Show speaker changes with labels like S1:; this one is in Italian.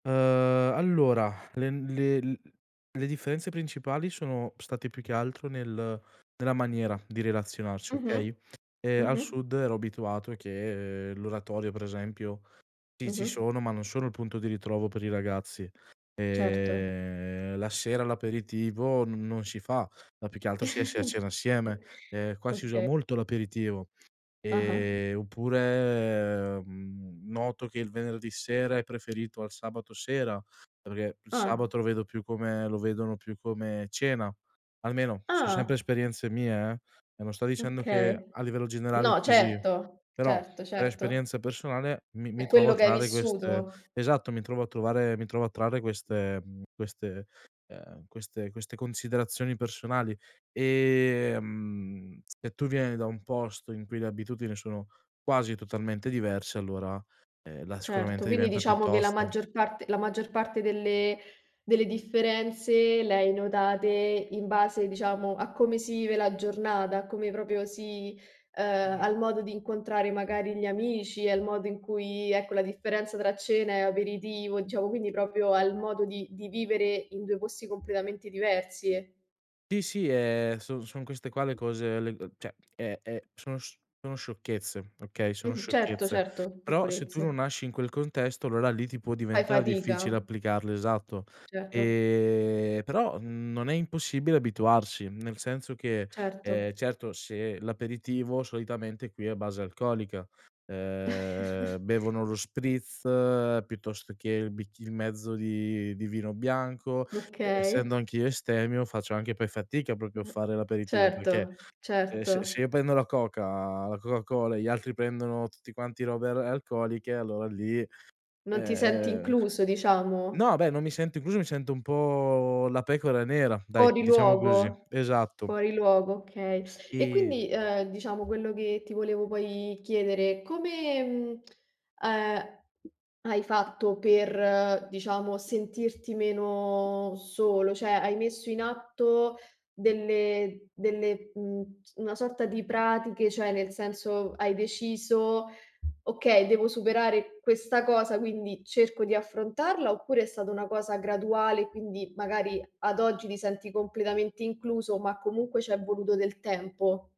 S1: Uhm, allora len le l le differenze principali sono state più che altro nel nella maniera di relazionarci,
S2: Mh-mh,
S1: okay, ehm, al
S2: mh-mh.
S1: sud ero abituato che l'oratorio per esempio, sì ci
S2: Mh-mh.
S1: sono, ma non sono il punto di ritrovo per i ragazzi.
S2: Certo.
S1: Ehm, la sera l'aperitivo n non si fa, ma più che altro si esce a cena assieme. Ehm, qua si usa
S2: Okay.
S1: molto l'aperitivo,
S2: Ah-ah.
S1: ehm, oppure, mhmm, noto che il venerdì sera è preferito al sabato sera, perché il
S2: Ah.
S1: sabato lo vedo più come lo vedono più come cena, almeno son sempre
S2: Ah.
S1: esperienze mie eh, no non sto dicendo che
S2: Okay.
S1: a livello generale è
S2: No,
S1: così,
S2: certo,
S1: però
S2: certo,
S1: per
S2: certo.
S1: esperienza personale mi mi
S2: È
S1: trovo a
S2: quello che hai
S1: trarre queste
S2: vissuto.
S1: esatto mi trovo a trovare mi trovo a trarre queste, mhmm, queste, ehm, queste queste considerazioni personali, ehm, se tu vieni da un posto in cui le abitudini sono quasi totalmente diverse allora, ehm, là
S2: Certo,
S1: sicuramente
S2: quindi
S1: diventa più
S2: diciamo che la
S1: tosto.
S2: maggior parte la maggior parte delle delle differenze le hai notate in base, diciamo, a come si vive la giornata, a come proprio si ehm, al modo di incontrare magari gli amici, al modo in cui, ecco, la differenza tra cena e aperitivo, diciamo, quindi proprio al modo di di vivere in 2 posti completamente diversi.
S1: Sì, sì, ehm, son son queste qua le cose, le, ehm, cioè e e sono sc sono sciocchezze, okay, sono
S2: Mh-mh, certo,
S1: sciocchezze.
S2: certo
S1: Però se tu non
S2: piccolezze.
S1: nasci in quel contesto, allora lì ti può
S2: Fai
S1: diventar difficile
S2: fatica?
S1: applicarlo esatto.
S2: Certo.
S1: Ehm, però non è impossibile abituarsi, nel senso che,
S2: Certo.
S1: ehm, certo se l'aperitivo solitamente qui è a base alcolica, ehm, bevono lo spritz piuttosto che il bicc il mezzo di di vino bianco, e
S2: Okay.
S1: essendo anch'io astemio, faccio anche poi fatica
S2: U
S1: proprio a
S2: ehm,
S1: fare l'aperitivo, perché,
S2: certo,
S1: ehm, se se
S2: certo.
S1: io prendo la coca la coca cola e gli altri prendono tutti quanti robe ar alcoliche, allora lì, ehm,
S2: Non ti senti
S1: ehm
S2: incluso, diciamo.
S1: no beh, non mi sento incluso, mi sento un po' la pecora nera dai,
S2: Fuori
S1: diciamo così
S2: luogo
S1: esatto.
S2: fuori luogo, okay. E
S1: E
S2: quindi, ehm, diciamo, quello che ti volevo poi chiedere, come, mhmm, ehm, hai fatto per, diciamo, sentirti meno solo, cioè, hai messo in atto delle delle, mhmm, s una sorta di pratiche, cioè nel senso hai deciso: "Okay, devo superare questa cosa, quindi cerco di affrontarla", oppure è stata una cosa graduale, quindi magari ad oggi ti senti completamente incluso, ma comunque c'è voluto del tempo?